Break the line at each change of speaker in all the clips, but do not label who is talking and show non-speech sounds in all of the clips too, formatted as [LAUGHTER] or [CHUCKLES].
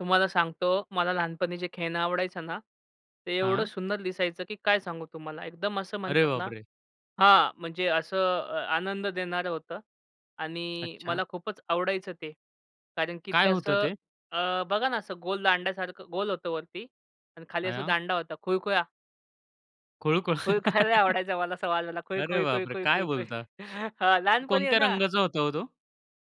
तुम्हाला सांगतो, मला लहानपणी जे खेळणं आवडायचं ना, ते एवढं
हां.
सुंदर दिसायचं, की काय सांगू तुम्हाला. एकदम असं
अरे
म्हणतात ना
बापरे!
हां, म्हणजे असं अ, आनंद देणारं होतं. आणि
अच्छा.
मला खूपच आवडायचं ते. कारण की
काय
ते
होतं
असं
ते?
अ, बघा ना, असं गोल दांड्यासारखं गोल होतं वरती आणि खाली असा
आया.
दांडा होता. खुळखुळा.
खुळखुळा.
खुळखुळा लय
[GIGGLES]
आवडायचा मला असा वाजवायला
अरे,
खुळखुळ, खुळखुळ,
बापरे! काय
खुळखुळ.
बोलता?
[CHUCKLES] हां, लहानपणी आहे
कोणत्या
ना.
रंगाचा होता ओ, तो?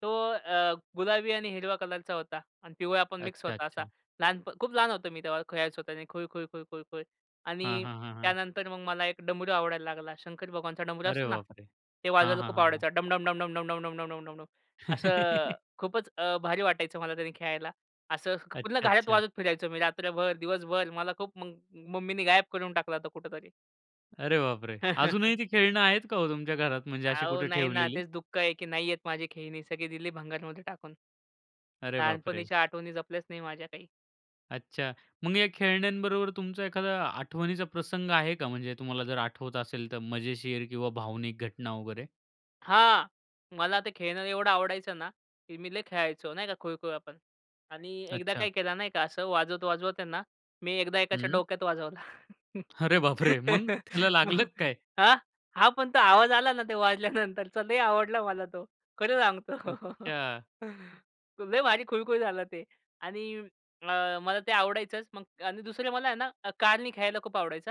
तो अ, गुलाबी आणि हिरवा कलरचा होता. आणि पिवळा पण मिक्स
अच्छा,
होता असा.
अच्छा.
लहानप खूप लहान होतो मी तेव्हा, खेळायचो त्यानी खुळखुळ, खुळखुळ, खुळ.
हां,
आणि
हां, हां, हां.
त्यानंतर मग मला एक डमरू आवडायला लागला. शंकर भगवानचा डमरू
अरे
असतो ना,
बापरे!
ते
हां,
वाजवायला
हां,
खूप
हां, हां.
आवडायचं डम-डम, डम-डम, डम-डम, डम-डम, डम-डम, डम. असं
[CHUCKLES]
खूपच अ, भारी वाटायचं मला त्यानी खेळायला. असं क
अच्छा,
पूर्ण घरात
अच्छा.
वाजवत फिरायचो मी रात्रभर दिवसभर. मला खूप मग मम्मीनी गायब करून टाकला होता कुठंतरी.
अरे, बापरे! अजूनही
[CHUCKLES]
ती खेळणं आहेत का ओ, तुमच्या घरात म्हणजे अशी
अहो,
कुठे
नाही ना
ठेवलेली?
तेच दुःख आहे, की नाहीयेत माझी खेळणी. सगळी दिली भंगारमध्ये टाकून.
अरे, बापरे!
लहानपणीच्या आठवणी जपल्याच नाही माझ्या काही.
अच्छा, मग या खेळण्यांबरोबर तुमचा एखादा आठवणीचा प्रसंग आहे का? म्हणजे तुम्हाला जर आठवत असेल तर मजेशीर किंवा भावनिक घटना वगैरे?
हां. मला ते खेळणं एवढं आवडायचं ना. की मी लय खेळायचो, नाही का, खुळखुळा पण. आणि एकदा
अच्छा.
काय केला, नाही का, असं वाजवत-वाजवत आहे ना, मी एकदा एकाच्या
हं.
डोक्यात वाजवला.
अरे, बापरे! मग? त्याला लागलं का
[CHUCKLES]
काय?
हां? हां, पण तो आवाज आला ना, ते वाजल्यानंतरचा लय आवडला मला तो खरं सांगतो.
अच्छा.
[CHUCKLES] लय भारी खुळखुळ झालं ते. आणि अ, मला ते आवडायचंच. मग आणि दुसरे, मला आहे ना कारने खेळायला पण खूप आवडायचं हां.